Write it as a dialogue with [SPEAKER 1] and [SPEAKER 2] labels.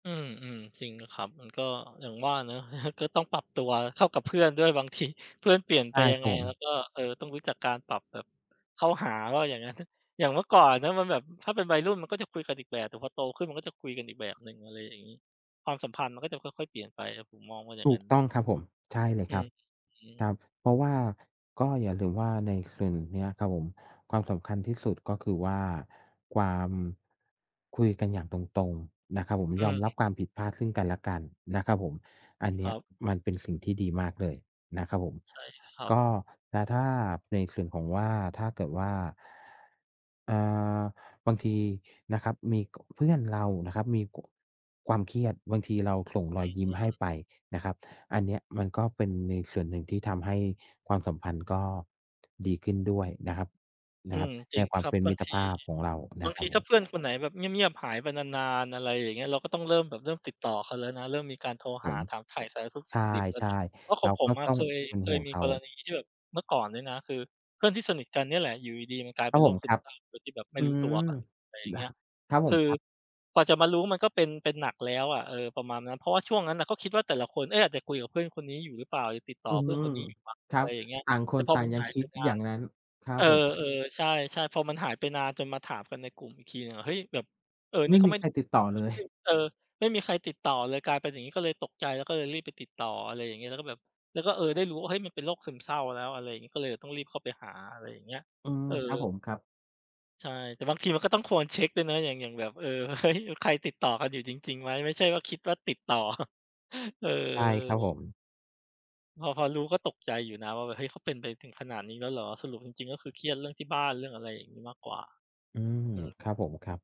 [SPEAKER 1] อืม ๆ จริงครับ มันก็อย่างว่าเนาะ ก็ต้องปรับตัวเข้ากับเพื่อนด้วย บางทีเพื่อนเปลี่ยน
[SPEAKER 2] ใช
[SPEAKER 1] ไป
[SPEAKER 2] ่
[SPEAKER 1] ยั
[SPEAKER 2] ค
[SPEAKER 1] ง
[SPEAKER 2] ร
[SPEAKER 1] ไ
[SPEAKER 2] ั
[SPEAKER 1] ง
[SPEAKER 2] บผ
[SPEAKER 1] แล้
[SPEAKER 2] ม
[SPEAKER 1] วก็ เอ่อ ต้องรู้จักการปรับแบบ เข้าหาว่าอย่างงั้น อย่างเมื่อก่อนนะมันแบบ ถ้าเป็นวัยรุ่นมันก็จะคุยกันอีกแบบ แต่พอโตขึ้นมันก็จะคุยกันอีกแบบหนึ่ง อะไรอย่างงี้ ความสัมพันธ์มันก็จะค่อย ๆ เปลี่ยนไปครับ ผมมองว่าอย่า
[SPEAKER 2] ถ
[SPEAKER 1] งน
[SPEAKER 2] ู
[SPEAKER 1] ั้
[SPEAKER 2] ก
[SPEAKER 1] นน
[SPEAKER 2] ต้
[SPEAKER 1] ะ
[SPEAKER 2] องครับผม ใช่เลย
[SPEAKER 1] อ
[SPEAKER 2] ค
[SPEAKER 1] ื
[SPEAKER 2] รับ
[SPEAKER 1] อฮึ
[SPEAKER 2] ครับ เพราะว่าก็อย่าลืมว่าในส่วนเนี้ยครับผม ความสำคัญที่สุดก็คือว่า ความ คุยกันอย่างตรง ๆ นะครับผม
[SPEAKER 1] อื
[SPEAKER 2] ยอ
[SPEAKER 1] ม
[SPEAKER 2] มรั
[SPEAKER 1] ๆ
[SPEAKER 2] บความผิดพลาดซึ่งกันและกันนะครับผม อันเน
[SPEAKER 1] ค
[SPEAKER 2] ี้
[SPEAKER 1] ร
[SPEAKER 2] ย
[SPEAKER 1] ับ
[SPEAKER 2] มันเป็นสิ่งที่ดีมากเลยนะครับผม
[SPEAKER 1] ใช่ครับ
[SPEAKER 2] ก็ แล้วถ้าในส่วนของว่า ถ้าเกิดว่า อ่า...บางทีนะครับ มี ก เพื่อนเรานะครับมี ก ความเครียด บางทีเราส่งร
[SPEAKER 1] อ
[SPEAKER 2] อ
[SPEAKER 1] ื
[SPEAKER 2] ย
[SPEAKER 1] ม
[SPEAKER 2] ยิ้
[SPEAKER 1] อ
[SPEAKER 2] ม
[SPEAKER 1] ือ
[SPEAKER 2] ให
[SPEAKER 1] ฮ
[SPEAKER 2] ้
[SPEAKER 1] ึ
[SPEAKER 2] ไปนะครับ อันเนี้ยมันก็เป็นในส่วนหนึ่งที่ทำให้ความสัมพันธ์ก็ ดีขึ้นด้วยนะครับ น
[SPEAKER 1] อื
[SPEAKER 2] ะครับ
[SPEAKER 1] ม จร
[SPEAKER 2] ใน
[SPEAKER 1] ิง
[SPEAKER 2] ควา
[SPEAKER 1] ค
[SPEAKER 2] ม
[SPEAKER 1] รั
[SPEAKER 2] เ
[SPEAKER 1] บ
[SPEAKER 2] ป็น
[SPEAKER 1] บ
[SPEAKER 2] ม
[SPEAKER 1] า
[SPEAKER 2] ิ
[SPEAKER 1] ง
[SPEAKER 2] ตร
[SPEAKER 1] ที
[SPEAKER 2] ภาพของเราน
[SPEAKER 1] บา
[SPEAKER 2] ะ
[SPEAKER 1] ง
[SPEAKER 2] คร
[SPEAKER 1] ท
[SPEAKER 2] ั
[SPEAKER 1] ี
[SPEAKER 2] บผ
[SPEAKER 1] ถ้
[SPEAKER 2] ม
[SPEAKER 1] าเพื่อนคนไหนแบบเงียบ ๆ หายไปนาน ๆ อะไรอย่างเงี้ย เราก็ต้องเริ่มแบบเริ่มติดต่อเขาแล้วนะ เริ่มมีการโทร
[SPEAKER 2] ผ
[SPEAKER 1] หา
[SPEAKER 2] ม
[SPEAKER 1] ถามไถ่สารทุกข์
[SPEAKER 2] ใช
[SPEAKER 1] สุกดิบแล้วเ
[SPEAKER 2] ่
[SPEAKER 1] นี่ย เพราะ
[SPEAKER 2] ๆ เ
[SPEAKER 1] ข
[SPEAKER 2] ร
[SPEAKER 1] อง
[SPEAKER 2] า
[SPEAKER 1] ผ
[SPEAKER 2] ก็
[SPEAKER 1] มอะ
[SPEAKER 2] ต้อ
[SPEAKER 1] เ
[SPEAKER 2] ง
[SPEAKER 1] คย
[SPEAKER 2] เป็น
[SPEAKER 1] เค
[SPEAKER 2] ห่
[SPEAKER 1] ย
[SPEAKER 2] วง
[SPEAKER 1] มี
[SPEAKER 2] เขา
[SPEAKER 1] กรณีที่แบบเมื่อก่อนเนี่ยนะ คือเพื่อนที่สนิทกันเนี่ยแหละอยู่ดี ๆ มันกลาย
[SPEAKER 2] ค
[SPEAKER 1] เ
[SPEAKER 2] ร
[SPEAKER 1] ป็
[SPEAKER 2] ับ
[SPEAKER 1] นโ
[SPEAKER 2] ผ
[SPEAKER 1] ร
[SPEAKER 2] ม
[SPEAKER 1] คซ
[SPEAKER 2] ค
[SPEAKER 1] ึ
[SPEAKER 2] ร
[SPEAKER 1] ม
[SPEAKER 2] ับ
[SPEAKER 1] เศร้าโดยที่แบบไม
[SPEAKER 2] อ
[SPEAKER 1] ่
[SPEAKER 2] ื
[SPEAKER 1] รู้
[SPEAKER 2] ม
[SPEAKER 1] ตัวอะ อะไรอย่าง
[SPEAKER 2] ด
[SPEAKER 1] เง
[SPEAKER 2] ะ
[SPEAKER 1] ี้ย
[SPEAKER 2] ครับผ
[SPEAKER 1] ค
[SPEAKER 2] ม
[SPEAKER 1] ือ
[SPEAKER 2] ครับ
[SPEAKER 1] กว่าจะมารู้มันก็เป็น เป็นหนักแล้วอะ เออ ประมาณนั้น เพราะว่าช่วงนั้นน่ะก็คิดว่าแต่ละคน เอ๊ะ อาจจะคุยกับเพื่อนคนนี้อยู่หรือเปล่า จะติดต่
[SPEAKER 2] อื
[SPEAKER 1] อ
[SPEAKER 2] อ
[SPEAKER 1] เพื
[SPEAKER 2] ฮ
[SPEAKER 1] ่อ
[SPEAKER 2] ึ
[SPEAKER 1] นคนนี้อยู่มั้ง
[SPEAKER 2] คร
[SPEAKER 1] อะ
[SPEAKER 2] ั
[SPEAKER 1] ไ
[SPEAKER 2] บ
[SPEAKER 1] รอย่างเงี้ย
[SPEAKER 2] ต่างค
[SPEAKER 1] แต่
[SPEAKER 2] น
[SPEAKER 1] พอ
[SPEAKER 2] ต่า
[SPEAKER 1] ม
[SPEAKER 2] ง
[SPEAKER 1] ัน
[SPEAKER 2] ยั
[SPEAKER 1] ห
[SPEAKER 2] ง
[SPEAKER 1] าย
[SPEAKER 2] ค
[SPEAKER 1] ไ
[SPEAKER 2] ิ
[SPEAKER 1] ป
[SPEAKER 2] ด
[SPEAKER 1] นา
[SPEAKER 2] อย่า
[SPEAKER 1] น
[SPEAKER 2] งงั้น ครั
[SPEAKER 1] เอ
[SPEAKER 2] บ
[SPEAKER 1] อ
[SPEAKER 2] ผม
[SPEAKER 1] ๆ ใช่ ๆ พอมันหายไปนานจนมาถามกันในกลุ่มอีกทีหนึ่งอะ เฮ้ย แบบ เออ
[SPEAKER 2] ไ
[SPEAKER 1] น
[SPEAKER 2] ม
[SPEAKER 1] ี่
[SPEAKER 2] ่
[SPEAKER 1] ก็
[SPEAKER 2] มี
[SPEAKER 1] ไม่
[SPEAKER 2] ใครติดต่อ
[SPEAKER 1] ก็
[SPEAKER 2] เลย
[SPEAKER 1] ไม่ เออ ไม่มีใครติดต่อเลย กลายเป็นอย่างงี้ก็เลยตกใจ แล้วก็เลยรีบไปติดต่อ อะไรอย่างเงี้ย แล้วก็แบบ แล้วก็ เออ ได้รู้ว่า เฮ้ย มันเป็นโรคซึมเศร้าแล้ว อะไรอย่างงี้ ก็เลยแบบต้องรีบเข้าไปหา อะไรอย่างเงี้ย
[SPEAKER 2] อืม
[SPEAKER 1] เออ
[SPEAKER 2] ครับผม ครับ
[SPEAKER 1] ใช่ แต่บางทีมันก็ต้องควรเช็กด้วยนะ อย่าง อย่างแบบ เออ เฮ้ย ใครติดต่อกันอยู่จริง ๆ ไหม ไม่ใช่ว่าคิดว่าติดต่อ เอ
[SPEAKER 2] ใช่ ครับผ
[SPEAKER 1] อ
[SPEAKER 2] ม
[SPEAKER 1] พอ พอรู้ก็ตกใจอยู่นะว่าแบบ เฮ้ย เขาเป็นไปถึงขนาดนี้แล้วเหรอ สรุปจริง ๆ ก็คือเครียดเรื่องที่บ้าน เรื่องอะไรอย่างงี้มากกว่า
[SPEAKER 2] อืม
[SPEAKER 1] อืม
[SPEAKER 2] ครับผม ครับ